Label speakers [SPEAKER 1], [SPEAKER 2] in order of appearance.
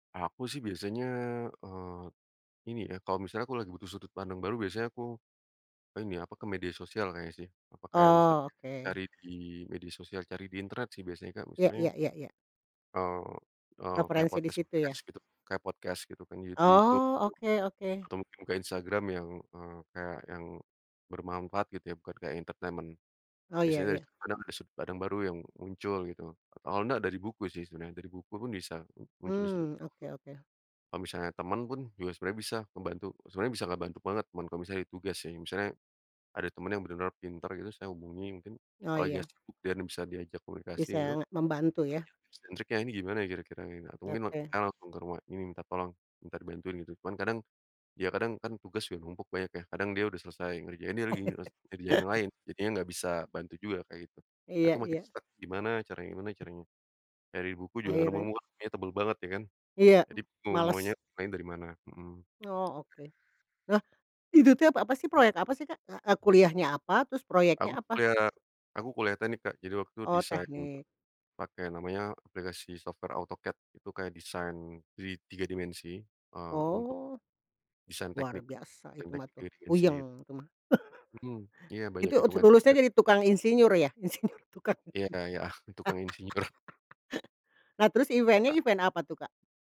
[SPEAKER 1] Aku sih biasanya eee, ini ya kalau misalnya aku lagi butuh sudut pandang baru biasanya aku, ini apa ke media sosial kayaknya sih, apa kayak bisa
[SPEAKER 2] Oh,
[SPEAKER 1] cari
[SPEAKER 2] oke.
[SPEAKER 1] di media sosial, cari di internet sih biasanya Kak,
[SPEAKER 2] Iya
[SPEAKER 1] misalnya
[SPEAKER 2] iya iya iya.
[SPEAKER 1] eee, eee, kayak
[SPEAKER 2] Refrensi disitu ya.
[SPEAKER 1] podcast-podcast gitu kayak podcast gitu kan di YouTube gitu,
[SPEAKER 2] Oh, oke oke.
[SPEAKER 1] atau mungkin ke Instagram yang eee, kayak yang bermanfaat gitu ya bukan kayak entertainment,
[SPEAKER 2] Oh, ya
[SPEAKER 1] biasanya dari
[SPEAKER 2] ya.
[SPEAKER 1] situ kadang ada sudut pandang baru yang muncul gitu atau enggak dari buku sih sebenarnya, dari buku pun bisa muncul disitu.
[SPEAKER 2] Hmm, oke oke.
[SPEAKER 1] Kalau misalnya teman pun, juga sebenarnya bisa ngebantu sebenarnya bisa ngebantu banget teman kalau misalnya ada tugas sih, misalnya ada teman yang bener-bener pinter gitu, saya hubungi mungkin
[SPEAKER 2] Oh,
[SPEAKER 1] apalagi enggak
[SPEAKER 2] iya.
[SPEAKER 1] sibuk dianya bisa diajak komunikasi gitu,
[SPEAKER 2] Bisa nge membantu, ya.
[SPEAKER 1] tanya tips and triknya ini gimana ya kira-kira gitu atau mungkin
[SPEAKER 2] Oke.
[SPEAKER 1] saya langsung ke rumah minta tolong, minta bantuin gitu, cuman kadang, ya kadang kan tugas udah numpuk banyak ya, kadang dia udah selesai ngerjain, dia lagi nyes ngerjain yang lain jadinya enggak bisa bantu juga, kayak gitu atau
[SPEAKER 2] Iya
[SPEAKER 1] makin
[SPEAKER 2] iya.
[SPEAKER 1] stuck gimana caranya gimana caranya, dari buku juga enggak
[SPEAKER 2] Akhirnya.
[SPEAKER 1] nemu-nemu bukunya tebel banget ya kan,
[SPEAKER 2] Iya,
[SPEAKER 1] jadi
[SPEAKER 2] males.
[SPEAKER 1] [unintelligible] lain dari mana mhm.
[SPEAKER 2] Oh oke. Lah, itu teh ap apa sih, proyek apa sih Kak? Eee, kuliahnya apa, terus
[SPEAKER 1] Aku
[SPEAKER 2] proyeknya apa?
[SPEAKER 1] kuliah aku kuliah teknik Kak, jadi waktu itu
[SPEAKER 2] Oh,
[SPEAKER 1] desain
[SPEAKER 2] teknik.
[SPEAKER 1] pakai namanya aplikasi software AutoCAD itu kayak desain three tiga dimensi, eee, untuk
[SPEAKER 2] Oh.
[SPEAKER 1] desain
[SPEAKER 2] Luar
[SPEAKER 1] teknik,
[SPEAKER 2] biasa
[SPEAKER 1] desain
[SPEAKER 2] itu mah
[SPEAKER 1] teknik 3
[SPEAKER 2] tuh,
[SPEAKER 1] dimensi.
[SPEAKER 2] puyeng itu mah.
[SPEAKER 1] Mhm iya, banyak
[SPEAKER 2] Itu ut
[SPEAKER 1] hitungan,
[SPEAKER 2] lulusnya
[SPEAKER 1] eee
[SPEAKER 2] jadi tukang insinyur ya? Insinyur, tukang.
[SPEAKER 1] Iya ya, tukang insinyur.
[SPEAKER 2] Nah terus event-nya, event apa tuh Kak?